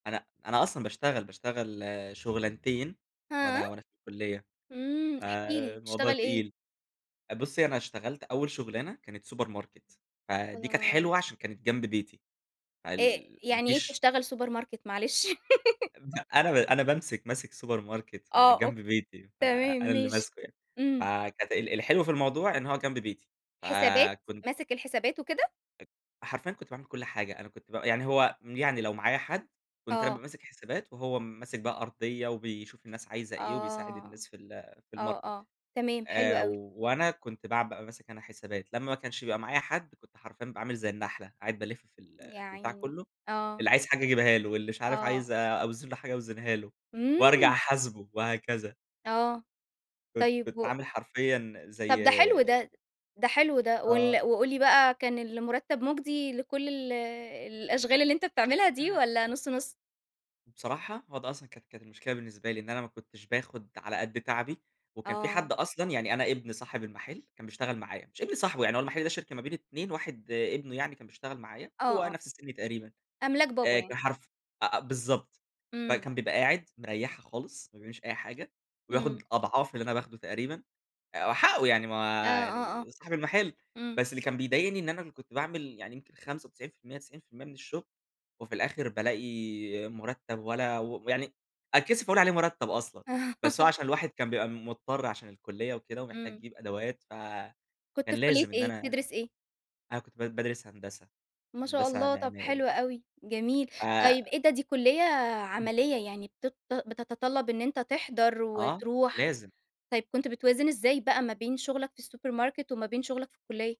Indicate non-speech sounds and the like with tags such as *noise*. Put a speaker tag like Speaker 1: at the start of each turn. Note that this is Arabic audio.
Speaker 1: أنا أنا أصلًا باشتغل، باشتغل شغلانتين
Speaker 2: هاه!
Speaker 1: وأنا وأنا في الكلية،
Speaker 2: امم احكِ لي،
Speaker 1: فالموضوع
Speaker 2: بتشتغل إيه؟
Speaker 1: تقيل، بُصّي أنا اشتغلت أوّل شغلانة كانت سوبر ماركت، فدي كانت
Speaker 2: الله!
Speaker 1: حلوة علشان كانت جنب بيتي،
Speaker 2: أ
Speaker 1: فال ما
Speaker 2: يعني إيه
Speaker 1: فيش
Speaker 2: بتشتغل سوبر ماركت معلش؟ *laughs*
Speaker 1: *unintelligible* أنا ب أنا بامسك ماسك سوبر ماركت ف
Speaker 2: آه، أو
Speaker 1: جنب بيتي،
Speaker 2: تمام
Speaker 1: فأنا اللي
Speaker 2: ماشي،
Speaker 1: ماسكه يعني.
Speaker 2: امم.
Speaker 1: فكانت ال الحلو في الموضوع إن هو جنب بيتي
Speaker 2: حسابات؟
Speaker 1: فكن
Speaker 2: ماسك الحسابات وكده؟
Speaker 1: أ حرفيًا كنت باعمل كُلّ حاجة، أنا كنت ب يعني هو يعني لو معايا حد كنت أنا بابقى
Speaker 2: آه.
Speaker 1: ماسك حسابات وهو ماسك بقى أرضية وبيشوف الناس عايزة إيه وبيساعد
Speaker 2: آه،
Speaker 1: الناس في ال في
Speaker 2: آه
Speaker 1: الماركت،
Speaker 2: آه، تمام حلو
Speaker 1: آآ،
Speaker 2: أوي.
Speaker 1: وأنا كنت بع بابقى ماسك أنا حسابات، لمّا ما كانش بيبقى معايا حد كنت حرفيًا بابقى عامل زي النحلة، قاعد بالفّ في ال
Speaker 2: يا
Speaker 1: البتاع
Speaker 2: عيني،
Speaker 1: كلّه،
Speaker 2: آه.
Speaker 1: اللي عايز حاجة أجيبها له واللي مش عارف عايز
Speaker 2: آه.
Speaker 1: أ أوزن له حاجة أوزنها له، وأرجع
Speaker 2: امم!
Speaker 1: أحاسبه وهكذا.
Speaker 2: آه،
Speaker 1: كنت
Speaker 2: طيّب
Speaker 1: كنت
Speaker 2: و
Speaker 1: عامل حرفيًا
Speaker 2: طب
Speaker 1: زي
Speaker 2: ده حلو ده، ده حلو ده وال
Speaker 1: آه.
Speaker 2: وقُل لي بقى كان المرتب مُجدي لكل ال الأشغال اللي أنت بتعملها
Speaker 1: إن
Speaker 2: دي
Speaker 1: أنا
Speaker 2: والّا نُص نُص؟
Speaker 1: بصراحة، هو ده أصلًا كانت كانت المشكلة بالنسبة لي، إن أنا ما كنتش باخد على قدّ تعبي، وكان في حد
Speaker 2: آه.
Speaker 1: أصلًا يعني أنا ابن صاحب المحل كان
Speaker 2: *unintelligible*
Speaker 1: بيشتغل معايا، مش ابن صاحبه يعني، هو المحل ده شركة ما بين 2، واحد ابنه يعني كان بيشتغل معايا،
Speaker 2: آه
Speaker 1: هو
Speaker 2: آه.
Speaker 1: نَفْس السن تقريبًا،
Speaker 2: أملاك بابا
Speaker 1: آآ،
Speaker 2: يعني.
Speaker 1: كان حرف أ أ بالضبط،
Speaker 2: امم.
Speaker 1: فكان بيبقى قاعد مريحها خالص، ما بيعملش أي حاجة، وياخد
Speaker 2: امم.
Speaker 1: أضعاف اللي أنا باخده تقريبًا، آآ، هو حقه يعني ما
Speaker 2: آآ،
Speaker 1: هو
Speaker 2: آه آه،
Speaker 1: يعني صاحب المحل،
Speaker 2: امم.
Speaker 1: بس اللي كان بيضايقني إن أنا اللي كنت باعمل يعني يمكن 95% 90% من الشغل، وفي الآخر بالاقي مرتّب ولا و ويعني أتكسف أقول عليه مرتّب أصلًا، بس هو
Speaker 2: *laughs*
Speaker 1: علشان الواحد كان بيبقى مضطر علشان الكلية وكده ومحتاج
Speaker 2: امم.
Speaker 1: يجيب أدوات، ف
Speaker 2: كنت
Speaker 1: كان
Speaker 2: في كلية
Speaker 1: لازم إن
Speaker 2: إيه،
Speaker 1: أنا
Speaker 2: بتدرس إيه؟
Speaker 1: أنا كنت ب بادرس هندسة،
Speaker 2: ما شاء
Speaker 1: هندسة
Speaker 2: الله! طب
Speaker 1: معماري.
Speaker 2: حلو أوي جميل،
Speaker 1: ف
Speaker 2: طيّب إيه ده دي كلية
Speaker 1: *clears throat*
Speaker 2: عمليّة يعني بتط بتتطلب إن أنت تحضر
Speaker 1: آه،
Speaker 2: وتروح.
Speaker 1: لازم.
Speaker 2: طيّب كنت بتوازن إزاي بقى ما بين شغلك في السوبر ماركت وما بين شغلك في الكلية؟